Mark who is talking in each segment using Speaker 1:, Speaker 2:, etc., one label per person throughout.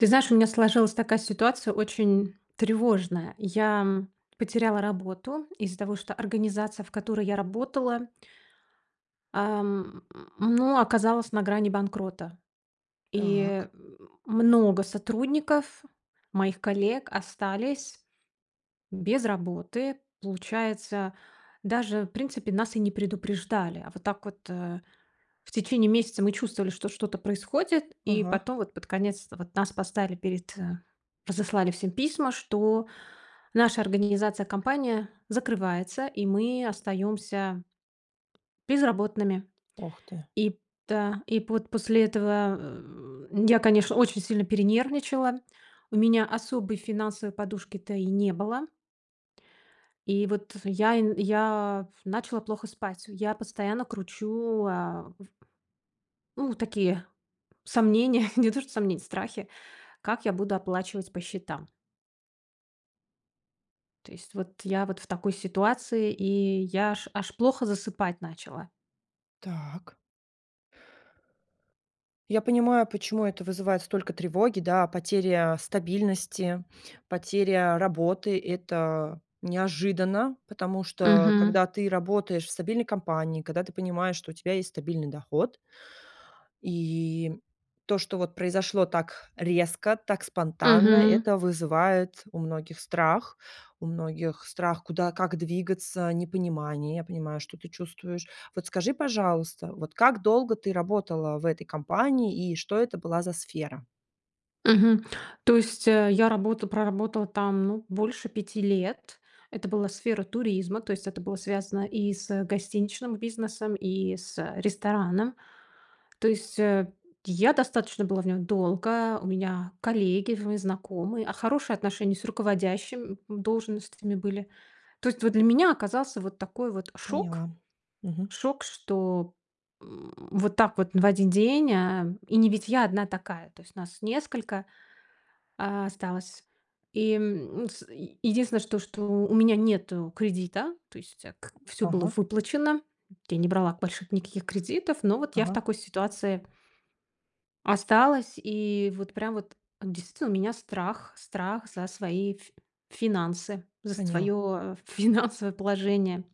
Speaker 1: Ты знаешь, у меня сложилась такая ситуация очень, тревожная. Я, м, потеряла работу из-за того, что организация, в которой я работала ам, ну оказалась на грани банкрота. И, э,
Speaker 2: Так.
Speaker 1: много сотрудников моих коллег остались без работы. Получается, даже в принципе нас и не предупреждали. А вот так вот, а, в течение месяца мы чувствовали, что что-то происходит, и
Speaker 2: Ага.
Speaker 1: потом вот под конец вот нас поставили перед, э разослали всем письма, что наша организация, компания закрывается, и мы остаёмся... безработными.
Speaker 2: Ох ты!
Speaker 1: И та и пот после этого, э, я, конечно, очень сильно перенервничала. У меня особой финансовой подушки-то и не было. И вот э я н я пф начала плохо спать. Я постоянно кручу, а, в Ну такие, сомнения, не то что сомнения, страхи: как я буду оплачивать по счетам. То есть вот я вот в такой ситуации, и я аж аж плохо засыпать начала.
Speaker 2: Так. Я понимаю, почему это вызывает столько тревоги, да. Потеря стабильности, потеря работы- это неожиданно. Потому что
Speaker 1: Мгм.
Speaker 2: когда ты работаешь в стабильной компании, когда ты понимаешь, что у тебя есть стабильный доход и то, что вот произошло так резко, так спонтанно,
Speaker 1: Мгм.
Speaker 2: это вызывает у многих страх, у многих страх, куда, как двигаться, непонимание. Я понимаю, что ты чувствуешь. Вот скажи, пожалуйста, вот как долго ты работала в этой компании и что это была за сфера?
Speaker 1: Мгм. То есть, э, я работа проработала там, ну, больше 5 лет. Это была сфера туризма. То есть это было связано и с гостиничным бизнесом, и с ресторанным. То есть, э, я достаточно была в нём долго. У меня коллеги в знакомые, а, хорошие отношения с руководящим должностями были. То есть вот для меня оказался вот такой вот шок
Speaker 2: Поняла. Мгм.
Speaker 1: шок, что, м, вот так вот в 1 день э И не ведь я одна такая. То есть нас несколько, а, осталось. И, м, ну, с, единственное что что, у меня нету кредита. То есть, а, к всё было
Speaker 2: Ага.
Speaker 1: выплачено. Я не брала больших никаких кредитов. Но вот я в
Speaker 2: Ага.
Speaker 1: такой ситуации осталась. И вот прям вот действительно у меня страх. Страх за свои ф финансы, за
Speaker 2: Поняла.
Speaker 1: своё ф финансовое положение.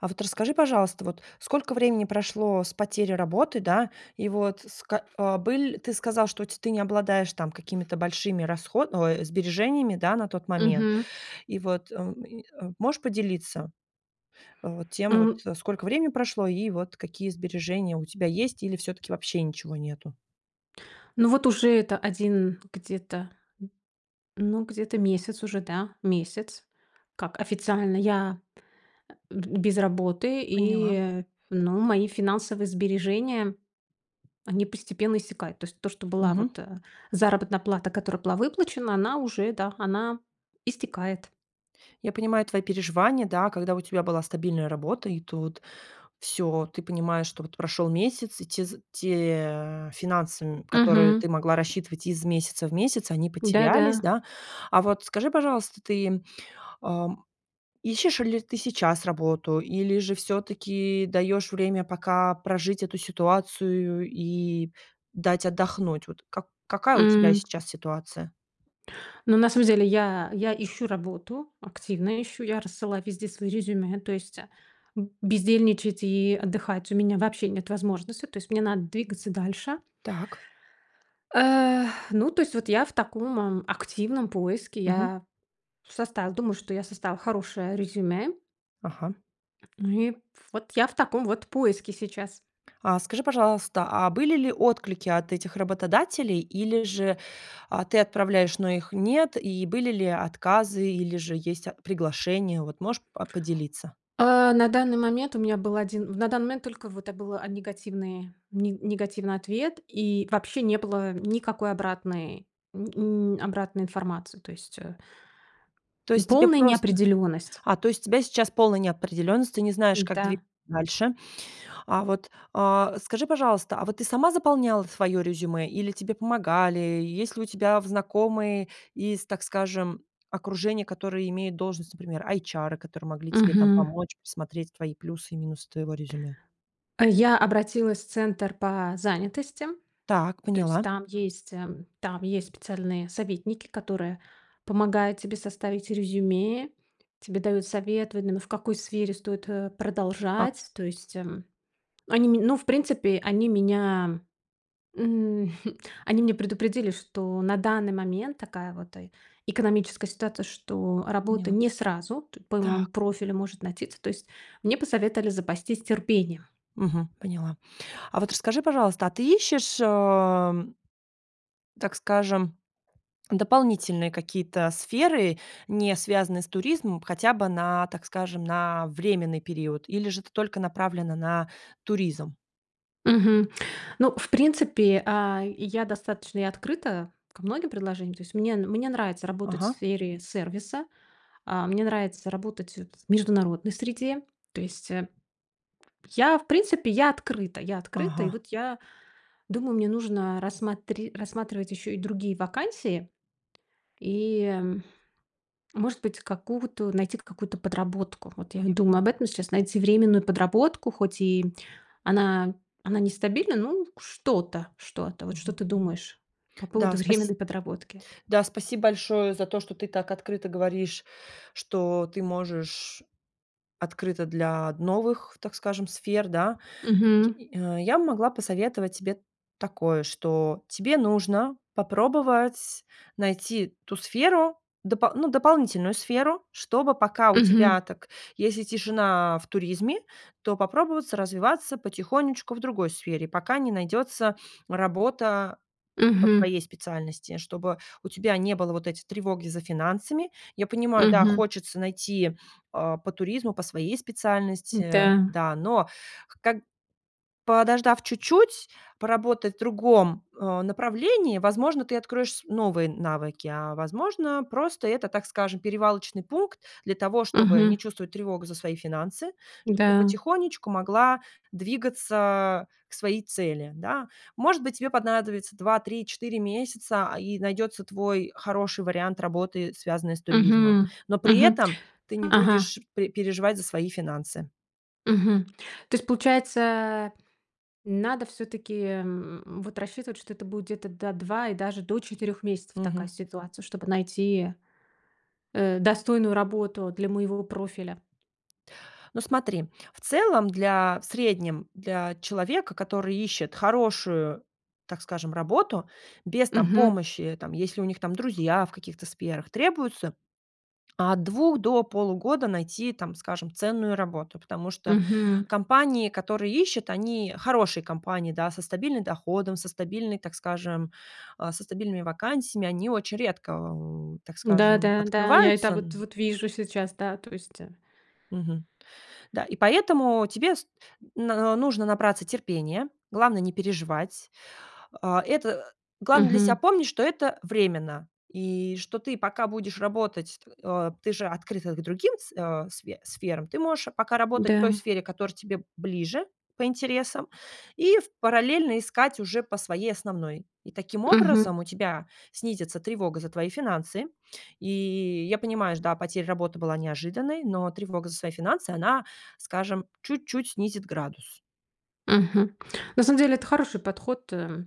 Speaker 2: А вот расскажи, пожалуйста, вот, сколько времени прошло с потери работы, да. И вот ск а, быль ты сказал, что ть ты не обладаешь там какими-то там большими расхо ой, сбережениями да на тот момент.
Speaker 1: Мгм.
Speaker 2: И вот, эм, и, а, можешь поделиться вот тем вот,
Speaker 1: У
Speaker 2: сколько времени прошло и вот какие сбережения у тебя есть или всё-таки вообще ничего нету?
Speaker 1: Ну вот уже это 1 где-то. Ну, где-то месяц уже, да, месяц, как официально я п э, б без работы,
Speaker 2: Поняла.
Speaker 1: и ну мои финансовые сбережения, они постепенно иссякают. То есть то, что была
Speaker 2: Мгм.
Speaker 1: вот, э, заработная плата, которая была выплачена, она уже да, она истекает.
Speaker 2: Я понимаю твои переживания, да, когда у тебя была стабильная работа, и тут всё, ты понимаешь, что вот прошёл месяц, и те з те финансы, м, которые
Speaker 1: Мгм.
Speaker 2: ты могла рассчитывать из месяца в месяц, они потерялись,
Speaker 1: Да-да.
Speaker 2: да. А вот скажи, пожалуйста, ты, ам, ищешь ли ты сейчас работу, или же всё-таки даёшь время пока прожить эту ситуацию, и дать отдохнуть? Вот как какая у тебя
Speaker 1: М
Speaker 2: сейчас ситуация?
Speaker 1: Ну, на самом деле я, я ищу работу, активно ищу, я рассылаю везде свои резюме, то есть, а, б бездельничать и отдыхать у меня вообще нет возможности. То есть мне надо двигаться дальше.
Speaker 2: Так.
Speaker 1: Эх, ну то есть вот я в таком, м, активном поиске.
Speaker 2: Мгм.
Speaker 1: Я вш соста я думаю, что я составила хорошее резюме.
Speaker 2: Ага.
Speaker 1: Ну и, вот я в таком вот поиске сейчас.
Speaker 2: А скажи, пожалуйста, а были ли отклики от этих работодателей, или же, а, ты отправляешь, но их нет, и были ли отказы, или же есть ат приглашения? Вот можешь, а, поделиться?
Speaker 1: Э, на данный момент у меня был один, в на данный момент только вот, а, был, а, негативный, не негативный ответ, и вообще не было никакой обратной нь нь обратной информации. То есть, э,
Speaker 2: То есть тебе
Speaker 1: полная
Speaker 2: просто
Speaker 1: неопределенность.
Speaker 2: А, то есть у тебя сейчас полная неопределённость, ты не знаешь, как двигаться
Speaker 1: Н-да.
Speaker 2: дальше. А вот, э, скажи, пожалуйста, а вот ты сама заполняла ф своё резюме или тебе помогали? И есть ли у тебя в знакомые из, так скажем, окружения, которые имеют должность, например, эйчары, которые могли тебе там
Speaker 1: Мгм.
Speaker 2: помочь, посмотреть твои плюсы и минусы твоего резюме?
Speaker 1: Я обратилась в центр по занятости.
Speaker 2: Так,
Speaker 1: То есть
Speaker 2: поняла.
Speaker 1: там есть, а, там есть специальные советники, которые помогают тебе составить резюме. Тебе дают совет, в именно в какой сфере стоит, э,
Speaker 2: А
Speaker 1: продолжать. То есть, м, они, м, ну, в принципе, они меня, м, хм, они меня предупредили, что на данный момент такая вот, э, экономическая ситуация, что работа
Speaker 2: Поняла.
Speaker 1: не сразу т по моему
Speaker 2: Так.
Speaker 1: профилю может найтиться. То есть мне посоветовали запастись терпением.
Speaker 2: Мгм, поняла. А вот расскажи, пожалуйста, а ты ищешь, э, м так скажем, дополнительные какие-то сферы, не связанные с туризмом, хотя бы на, так скажем, на временный период? Или же ты только направлена на туризм?
Speaker 1: Мгм. Ну, в принципе, а, я достаточно и открыта ко многим предложениям. То есть, мне, мне нравится работать в
Speaker 2: Ага.
Speaker 1: сфере сервиса. А, мне нравится работать в международной среде. То есть, э, п я, в принципе, я открыта. Я открыта. И
Speaker 2: Ага.
Speaker 1: вот я думаю, мне нужно рассматри рассматривать ещё и другие вакансии и, м, может быть, какую-то найти то какую-то подработку. Вот и я
Speaker 2: Я
Speaker 1: думаю
Speaker 2: поняла.
Speaker 1: об этом сейчас найти временную подработку, хоть и она она нестабильна, ну что-то, что-то. Вот что
Speaker 2: Мгм.
Speaker 1: ты думаешь по
Speaker 2: Да,
Speaker 1: поводу
Speaker 2: спаси
Speaker 1: временной подработки?
Speaker 2: да, спасибо большое за то, что ты так открыто говоришь, что ты можешь открыта для новых, так скажем, сфер, да.
Speaker 1: Мгм.
Speaker 2: Й а, я могла посоветовать тебе такое, что тебе нужно попробовать найти ту сферу, допол ну, дополнительную сферу, чтобы пока у
Speaker 1: Мгм.
Speaker 2: тебя так, если тишина в туризме, то попробоваться развиваться потихонечку в другой сфере, пока не найдётся работа по
Speaker 1: Мгм.
Speaker 2: твоей специальности, чтобы у тебя не было вот эти тревоги за финансами. Я понимаю, да,
Speaker 1: Мгм.
Speaker 2: хочется найти, э, по туризму, по своей специальности,
Speaker 1: Н-да.
Speaker 2: да, но, ког подождав чуть-чуть поработать в другом, э, направлении, возможно, ты откроешь с новые навыки, а возможно, просто это, так скажем, перевалочный пункт для того, чтобы не
Speaker 1: Мгм.
Speaker 2: чувствовать тревогу за свои финансы, чтоб ты
Speaker 1: Н-да.
Speaker 2: потихонечку могла двигаться к своей цели, да. Может быть, тебе понадобится 2-3-4 месяца, а, и найдётся твой хороший вариант работы, связанной с туризмом.
Speaker 1: Мгм.
Speaker 2: Но при
Speaker 1: Мгм.
Speaker 2: этом ты не
Speaker 1: Ага.
Speaker 2: будешь пере переживать за свои финансы.
Speaker 1: Мгм. То есть, получается надо всё-таки, м, м, вот рассчитывать, что это будет, да, 2 и даже до 4 месяцев такая
Speaker 2: Мгм.
Speaker 1: ситуация, чтобы найти, э, достойную работу для моего профиля.
Speaker 2: Ну, смотри, в целом для, в среднем, для человека, который ищет хорошую, так скажем, работу без там
Speaker 1: Мгм.
Speaker 2: помощи, там, если у них там друзья в каких-то сферах, требуется, от 2 до полугода найти там, скажем, ценную работу. Потому что
Speaker 1: Мгм.
Speaker 2: компании, которые ищут, они хорошие компании да, со стабильным доходом, со стабильной, так скажем, а со стабильными вакансиями, они очень редко, э, так
Speaker 1: Да,
Speaker 2: скажем,
Speaker 1: да, да, я это
Speaker 2: открываются н
Speaker 1: вот вижу сейчас, да, то есть э
Speaker 2: Мгм. Да. И поэтому тебе с но нужно набраться терпения, главное не переживать. А, это, э, главное для себя
Speaker 1: Мгм.
Speaker 2: помнить, что это временно, и что ты пока будешь работать, э, ты же открыта к другим с э, сф сферам, ты можешь пока работать в той
Speaker 1: Да.
Speaker 2: сфере, которая тебе ближе по интересам, и ф параллельно искать уже по своей основной. И таким
Speaker 1: Мгм.
Speaker 2: образом у тебя снизится тревога за твои финансы. И я понимаю, ж да, потеря работы была неожиданной, но тревога за свои финансы, она, скажем, чуть-чуть снизит градус.
Speaker 1: Мгм. На самом деле, это хороший подход, э,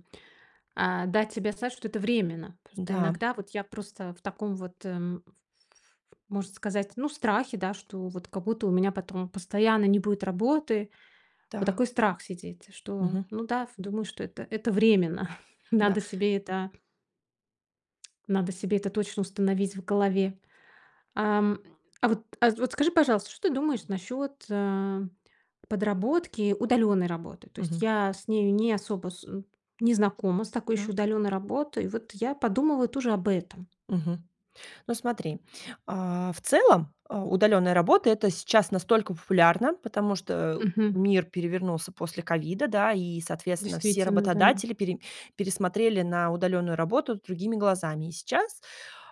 Speaker 1: а, дать себе знать, что это временно. Просто
Speaker 2: Н-да.
Speaker 1: иногда вот я просто в таком вот, эм, ф ф можно сказать, ну в страхе, да, что вот как будто у меня потом постоянно не будет работы. Вот
Speaker 2: Да.
Speaker 1: такой страх сидит, что
Speaker 2: Мгм.
Speaker 1: ну да ф думаю, что это это временно.
Speaker 2: Да.
Speaker 1: Надо себе это Надо себе это точно установить в голове. А, м, а вот, а, вот скажи, пожалуйста, что ты думаешь насчёт, а, подработки, удалённой работы? То есть
Speaker 2: Мгм.
Speaker 1: я с нею не особо с м, не знакома с такой ещё
Speaker 2: Так.
Speaker 1: удалённой работой. Вот я подумываю тоже об этом.
Speaker 2: Мгм. Ну, смотри, а, в целом, а, удалённая работа- это сейчас настолько популярно, потому что, э,
Speaker 1: Мгм.
Speaker 2: мир перевернулся после ковида, да, и, соответственно, все
Speaker 1: Действительно, да.
Speaker 2: работодатели пере пересмотрели на удалённую работу другими глазами. И сейчас,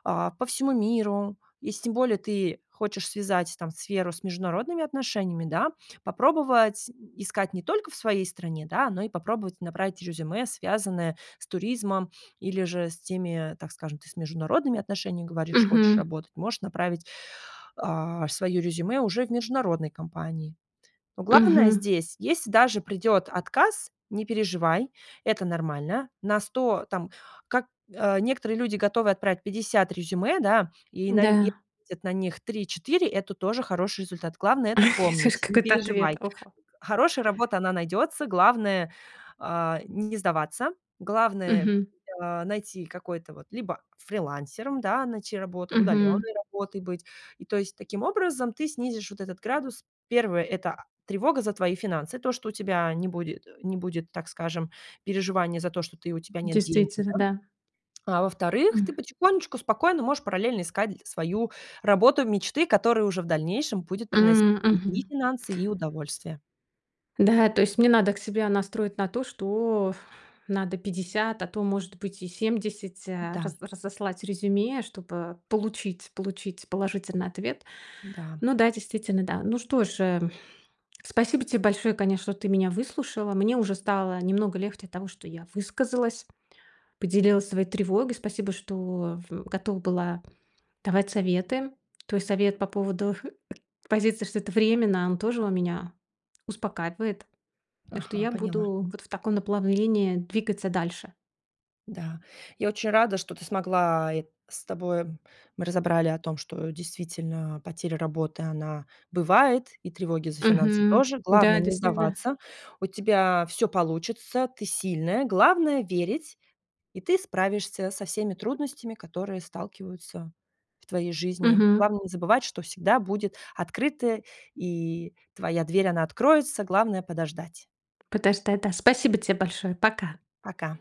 Speaker 2: а, по всему миру, если тем более ты хочешь связать, там, сферу с международными отношениями, да, попробовать, м, искать не только в своей стране, да, но и попробовать набрать резюме, связанное с туризмом, или же с теми, так скажем, ты с международными отношениями, говоришь, хочешь
Speaker 1: Мгм.
Speaker 2: работать, можешь направить, а, своё резюме уже в международные компании. Но главное
Speaker 1: Мгм.
Speaker 2: здесь, если даже придет отказ, не переживай, это нормально. На 100, там, как, а, некоторые люди готовы отправить 50 резюме, да, и на е
Speaker 1: Да.
Speaker 2: будет на них 3-4, это тоже хороший результат. Главное это
Speaker 1: Я слышу,
Speaker 2: помнить, не
Speaker 1: какой-то
Speaker 2: переживай.
Speaker 1: ответ,
Speaker 2: Э,
Speaker 1: ого.
Speaker 2: хорошая работа, она найдётся. Главное, а, не сдаваться. Главное,
Speaker 1: Мгм.
Speaker 2: а, найти какой-то, вот, либо фрилансером, да, найти работу,
Speaker 1: Мгм.
Speaker 2: удалённой работой быть. И то есть, таким образом ты снизишь вот этот градус. Первое, это, а, тревога за твои финансы, то, что у тебя не будет, э, не будет так скажем, переживания за то, что ты, у тебя нет денег,
Speaker 1: Действительно,
Speaker 2: да.
Speaker 1: да.
Speaker 2: А во-вторых, ты
Speaker 1: М.
Speaker 2: потихонечку спокойно можешь параллельно искать, э, свою работу мечты, которая уже в дальнейшем будет приносить
Speaker 1: М.
Speaker 2: тебе и
Speaker 1: Мгм.
Speaker 2: финансы, и удовольствие.
Speaker 1: Да, то есть мне надо к себя настроить на то, что надо 50, а то может быть и 70
Speaker 2: Да.
Speaker 1: раз разослать резюме, чтобы получить получить положительный ответ.
Speaker 2: Да.
Speaker 1: Ну да, действительно, да. Ну что ж, э, спасибо тебе большое, конечно, что ты меня выслушала. Мне уже стало немного легче от того, что я высказалась, поделилась своей тревогой. Спасибо, что в готова была давать советы. То есть совет по поводу, э, к позиции, что это временно, он тоже он меня успокаивает, и что
Speaker 2: Ага,
Speaker 1: я
Speaker 2: поняла.
Speaker 1: буду вот в таком наплавлении двигаться дальше.
Speaker 2: Да, я очень рада, что ты смогла э, с тобой мы разобрали о том, что действительно потеря работы, она бывает, и тревоги за финансы
Speaker 1: Мгм.
Speaker 2: тоже.
Speaker 1: Да,
Speaker 2: Главное не
Speaker 1: действительно.
Speaker 2: сдаваться. У тебя всё получится, ты сильная, главное верить, и ты справишься со всеми трудностями, которые сталкиваются в твоей жизни.
Speaker 1: Мгм.
Speaker 2: Главное не забывать, что всегда будет открыто, и твоя дверь, она откроется. Главное подождать.
Speaker 1: Подождать да. Спасибо те большое! Пока.
Speaker 2: Пока.